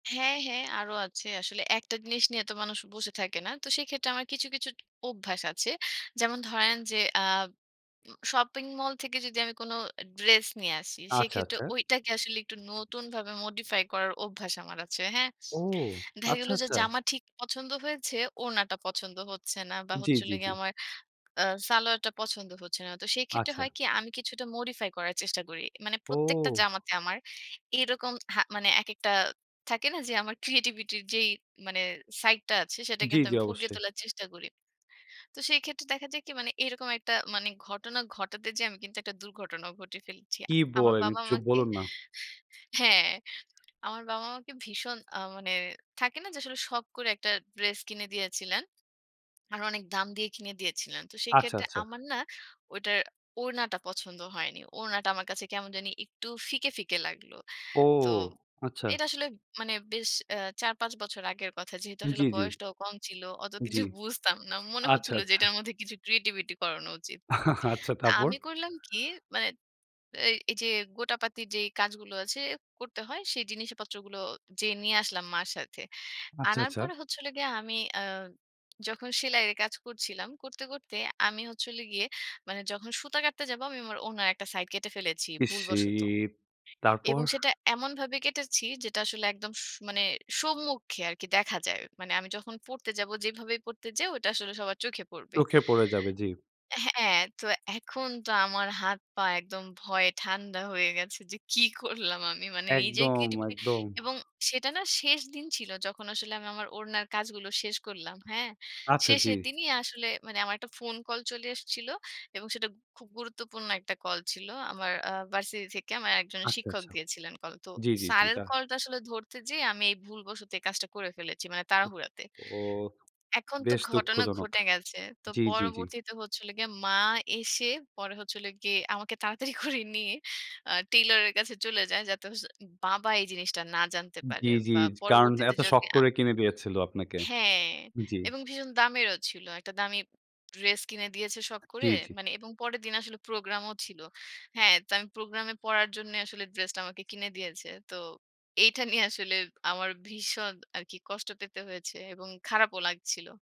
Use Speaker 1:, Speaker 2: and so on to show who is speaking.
Speaker 1: হ্যাঁ, হ্যাঁ, আরো আছে। আসলে একটা জিনিস নিয়ে তো মানুষ বসে থাকে না। তো সেইক্ষেত্রে আমার কিছু, কিছু অভ্যাস আছে। যেমন ধরেন যে, আব উ শপিং মল থেকে যদি আমি কোন ড্রেস নিয়ে আসি,
Speaker 2: আচ্ছা,
Speaker 1: সেক্ষেত্রে
Speaker 2: আচ্ছা।
Speaker 1: ঐটাকে আসলে একটু নতুনভাবে মডিফাই করার অভ্যাস আমার আছে। হ্যাঁ?
Speaker 2: ও!
Speaker 1: দেখা গেল
Speaker 2: আচ্ছা,
Speaker 1: যে,
Speaker 2: আচ্ছা।
Speaker 1: জামা ঠিক পছন্দ হয়েছে, ওড়নাটা পছন্দ হচ্ছে না, বা
Speaker 2: জি,
Speaker 1: হচ্ছিল
Speaker 2: জি, জি।
Speaker 1: গিয়ে আমার আ সালোয়ারটা পছন্দ হচ্ছে না। তো সেইক্ষেত্রে হয়
Speaker 2: আচ্ছা।
Speaker 1: কি, আমি কিছুটা মডিফাই করার চেষ্টা করি। মানে প্রত্যেকটা
Speaker 2: ও।
Speaker 1: জামাতে আমার এরকম হা মানে একেকটা, থাকে না? যে আমার ক্রিয়েটিভিটি র যেই মানে সাইডটা আছে, সেটা
Speaker 2: জি,
Speaker 1: কিন্তু
Speaker 2: জি।
Speaker 1: আমি ফুটিয়ে
Speaker 2: অবশ্যই।
Speaker 1: তোলার চেষ্টা করি। তো সেইক্ষেত্রে দেখা যায় কি, মানে এরকম একটা মানে ঘটনা ঘটাতে যেয়ে আমি কিন্তু একটা দুর্ঘটনাও ঘটিয়ে ফেলেছি।
Speaker 2: কী
Speaker 1: আমার
Speaker 2: বলেন?
Speaker 1: বাবা
Speaker 2: চুপ
Speaker 1: আমাকে
Speaker 2: বলুন না।
Speaker 1: হ্যাঁ, আমার বাবা আমাকে ভীষণ আ মানে। থাকে না? যে আসলে শখ করে একটা ড্রেস কিনে দিয়েছিলেন। আরো অনেক দাম দিয়ে কিনে দিয়েছিলেন। তো
Speaker 2: আচ্ছা,
Speaker 1: সেক্ষেত্রে
Speaker 2: আচ্ছা।
Speaker 1: আমার না, ওইটার ওড়নাটা পছন্দ হয়নি। ওড়নাটা আমার কাছে কেমন জানি একটু ফিকে, ফিকে লাগলো।
Speaker 2: ও,
Speaker 1: তো
Speaker 2: আচ্ছা।
Speaker 1: এটা আসলে মানে বেশ আ ৪-৫ বছর আগের কথা। যেহেতু
Speaker 2: জি,
Speaker 1: আসলে
Speaker 2: জি।
Speaker 1: বয়সটাও কম ছিল, অত কিছু
Speaker 2: জি।
Speaker 1: বুঝতাম না। মনে
Speaker 2: আচ্ছা,
Speaker 1: হচ্ছিল যে,
Speaker 2: আচ্ছা।
Speaker 1: এটার মধ্যে কিছু ক্রিয়েটিভিটি করানো উচিত।
Speaker 2: আচ্ছা,
Speaker 1: তা
Speaker 2: তারপর?
Speaker 1: আমি করলাম কি, মানে এই, এই যে গোটাপাতির যে কাজগুলো আছে, করতে হয়, সেই জিনিসপত্রগুলো যেয়ে নিয়ে আসলাম মার সাথে।
Speaker 2: আচ্ছা,
Speaker 1: আনার
Speaker 2: আচ্ছা।
Speaker 1: পরে হচ্ছিল গিয়ে, আমি আ যখন সেলাইরে কাজ করছিলাম, করতে, করতে, আমি হচ্ছে হল গিয়ে মানে যখন সুতা কাটতে যাবো, আমি আমার ওড়নার একটা সাইড কেটে ফেলেছি, ভুলবশত।
Speaker 2: ইসসিট! তারপর?
Speaker 1: এবং সেটা এমনভাবে কেটেছি, যেটা আসলে একদম স মানে সম্মুখে আরকি, দেখা যায়। মানে আমি যখন পড়তে যাব, যেভাবেই পড়তে যাই ওটা আসলে সবার চোখে পড়বে।
Speaker 2: চোখে পড়ে যাবে। জি।
Speaker 1: হ্যাঁ, অ্যাঁ তো এখন তো আমার হাত পা একদম ভয়ে ঠান্ডা হয়ে গেছে, যে কি করলাম আমি? মানে নিজের
Speaker 2: একদম,
Speaker 1: ক্রিয়েটিভিটি
Speaker 2: একদম।
Speaker 1: এবং সেটা না, শেষ দিন ছিল, যখন আসলে আমি আমার ওড়নার কাজগুলো শেষ করলাম। হ্যাঁ?
Speaker 2: আচ্ছা, জি।
Speaker 1: শেষের দিনই আসলে মানে আমার একটা ফোন কল চলে এসেছিল। এবং সেটা খুব গুরুত্বপূর্ণ একটা কল ছিল। আমার আ ভার্সিটি থেকে আমার একজন
Speaker 2: আচ্ছা,
Speaker 1: শিক্ষক
Speaker 2: আচ্ছা।
Speaker 1: দিয়েছিলেন কল। তো
Speaker 2: জি, জি, জি।
Speaker 1: স্যারের
Speaker 2: দা
Speaker 1: কলটা আসলে ধরতে যেয়ে আমি এই ভুলবশত এই কাজটা করে ফেলেছি, মানে তাড়াহুড়াতে।
Speaker 2: ওহহো!
Speaker 1: এখন তো
Speaker 2: বেশ
Speaker 1: ঘটনা
Speaker 2: দুঃখজনক।
Speaker 1: ঘটে গেছে। তো
Speaker 2: জি, জি, জি।
Speaker 1: পরবর্তীতে হচ্ছিল গিয়ে, মা এসে, পরে হচ্ছিল গিয়ে আমাকে তাড়াতাড়ি করে নিয়ে আ টেইলর এর কাছে চলে যায়, যাতে হচ্ছে বাবা এই জিনিসটা না জানতে
Speaker 2: জি,
Speaker 1: পারে।
Speaker 2: জি।
Speaker 1: বা
Speaker 2: কারণ
Speaker 1: পরবর্তীতে
Speaker 2: এত শখ
Speaker 1: যদি আ
Speaker 2: করে কিনে দিয়েছিল আপনাকে।
Speaker 1: হ্যাঁ।
Speaker 2: জি।
Speaker 1: এবং ভীষণ দামেরও ছিল। একটা দামি ড্রেস কিনে দিয়েছে, শখ
Speaker 2: জি,
Speaker 1: করে।
Speaker 2: জি।
Speaker 1: মানে, এবং পরের দিন আসলে প্রোগ্রামও ছিল। হ্যাঁ, তো আমি প্রোগ্রামে পরার জন্য আসলে ড্রেসটা আমাকে কিনে দিয়েছে। তো এইটা নিয়ে আসলে আমার ভীষণ আরকি কষ্ট পেতে হয়েছে, এবং খারাপও লাগছিল।